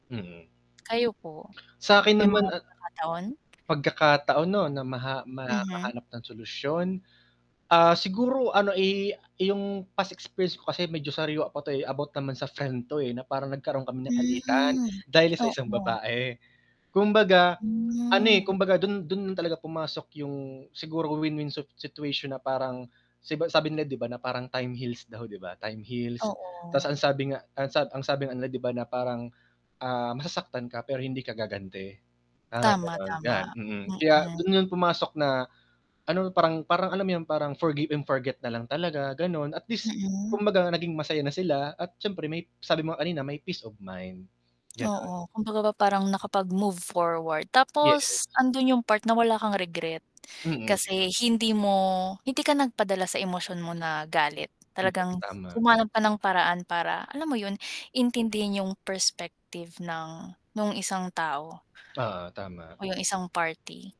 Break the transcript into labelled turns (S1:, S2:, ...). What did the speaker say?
S1: Mm.
S2: Kayo po,
S1: Sa akin
S2: may
S1: naman,
S2: mga
S1: ah
S2: pagkakataon?
S1: pagkakataon 'no, na maha
S2: Mhm.
S1: makahanap ng solusyon? Ah, siguro ano, i 'yong past experience ko kasi medyo sariwa pa 'to, eh, about naman sa friend 'to, eh, na parang nagkaroon kami ng alitan,
S2: Hmm,
S1: dahil sa isang
S2: oo.
S1: babae. Kumbaga, ano, eh,
S2: Hmm.
S1: kumbaga, dun dun yun talaga pumasok yung siguro win-win sit situation na parang si ba sabi nila, 'di ba, na parang "time heals" daw, 'di ba, "time heals." Ta's,
S2: Oo.
S1: ang sabi nga, ang sa ang sabi nga nila 'di ba, na parang, ah, "Masasaktan ka, pero hindi ka gaganti." parang
S2: Tama,
S1: gano'n. 'Yan,
S2: tama.
S1: mm. Kaya
S2: Mm.
S1: dun yun pumasok na ano, parang parang, alam mo yun, parang forgive and forget na lang talaga, gano'n. At least,
S2: Mm.
S1: kumbaga, naging masaya na sila at syempre, may sabi mo nga kanina, may peace of mind, gano'n.
S2: Oo, kumbaga ba, parang nakapag-move forward. Tapos,
S1: Yes.
S2: andun yung part na wala kang regret,
S1: Mm.
S2: kasi hindi mo hindi ka nagpadala sa emosyon mo na, galit.
S1: Yes,
S2: Talagang
S1: tama.
S2: humanap ng paraan para, alam mo yun, intindihin yung perspective ng, nung isang tao
S1: Oo, tama.
S2: o yung isang party.